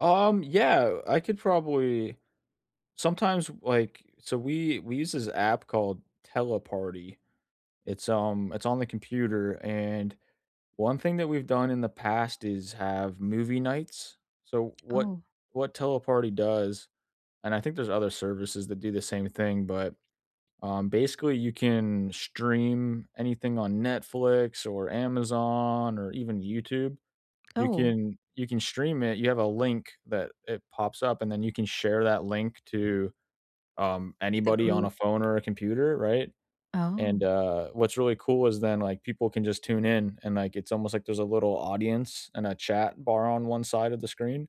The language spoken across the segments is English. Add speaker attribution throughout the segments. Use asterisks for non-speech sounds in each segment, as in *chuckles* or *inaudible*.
Speaker 1: Um, yeah, I could probably sometimes, like so, we we use this app called Teleparty. It's, um, it's on the computer, and one thing that we've done in the past is have movie nights. So, what
Speaker 2: Oh.
Speaker 1: what Teleparty does and, I think there's other services that do the same thing, but, um, basically, you can stream anything on Netflix, or Amazon, or even YouTube. You
Speaker 2: Oh.
Speaker 1: can you can stream it. You have a link that it pops up and then you can share that link to, um,
Speaker 2: The
Speaker 1: anybody on a
Speaker 2: group.
Speaker 1: phone or a computer, right? And,
Speaker 2: Oh.
Speaker 1: uh, what's really cool is then, like, people can just tune in and like, it's almost like there's a little audience and a chat bar on 1 side of the screen,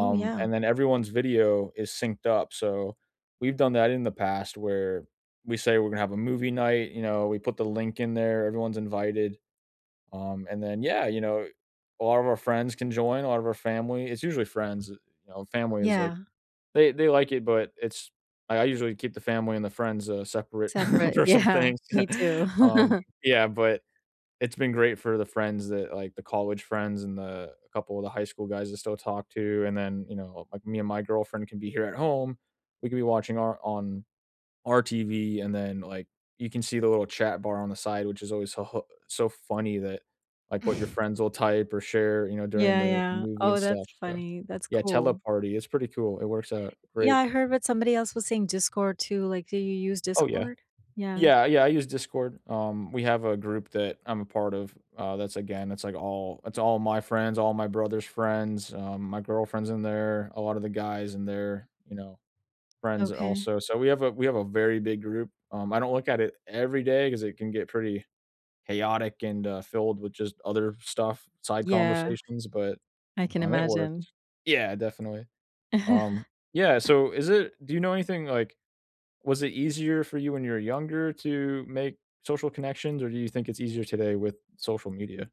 Speaker 2: Ooh, yeah.
Speaker 1: and then everyone's video is synced up. So, we've done that in the past where we say we're gonna have a movie night. You know, we put the link in there, everyone's invited. Um, and then yeah, you know, a lot of our friends can join, a lot of our family it's usually friends, eh, you know? Family is, like,
Speaker 2: Yeah.
Speaker 1: they they like it, but it's I I usually keep the family and the friends, uh, separate
Speaker 2: Separate.
Speaker 1: for some
Speaker 2: Yeah,
Speaker 1: things.
Speaker 2: me too.
Speaker 1: Um,
Speaker 2: *chuckles*
Speaker 1: yeah, but it's been great for the friends that, like the college friends and the a couple of the high school guys I still talk to, and then, you know, like, me and my girlfriend can be here at home. We could be watching our on on our TV, and then, like, you can see the little chat bar on the side, which is always so ho so funny that, like, what your
Speaker 2: *chuckles*
Speaker 1: friends'll type or share, you know, during
Speaker 2: Yeah,
Speaker 1: the
Speaker 2: yeah.
Speaker 1: movie and
Speaker 2: Oh,
Speaker 1: stuff,
Speaker 2: that's
Speaker 1: so
Speaker 2: funny. That's
Speaker 1: Yeah,
Speaker 2: cool.
Speaker 1: Teleparty, it's pretty cool. It works out
Speaker 2: Yeah,
Speaker 1: great
Speaker 2: I heard what somebody else was saying Discord too. Like, do you use
Speaker 1: Oh, yeah.
Speaker 2: Discord? Yeah.
Speaker 1: Yeah, yeah, I use Discord. Um, we have a group that I'm a part of, uh, that's, again, it's, like, all it's all my friends, all my brother's friends, um, my girlfriend's in there, a lot of the guys in there, you know, friends
Speaker 2: Okay.
Speaker 1: also. So, we have a we have a very big group. Um, I don't look at it every day, 'cause it can get pretty chaotic and, uh, filled with just other stuff, side
Speaker 2: Yeah.
Speaker 1: conversations, but,
Speaker 2: I can
Speaker 1: um, it
Speaker 2: imagine.
Speaker 1: worked. Yeah, definitely. Um, yeah,
Speaker 2: *chuckles*
Speaker 1: so is it do you know anything, like was it easier for you when you were younger to make social connections, or do you think it's easier today with social media?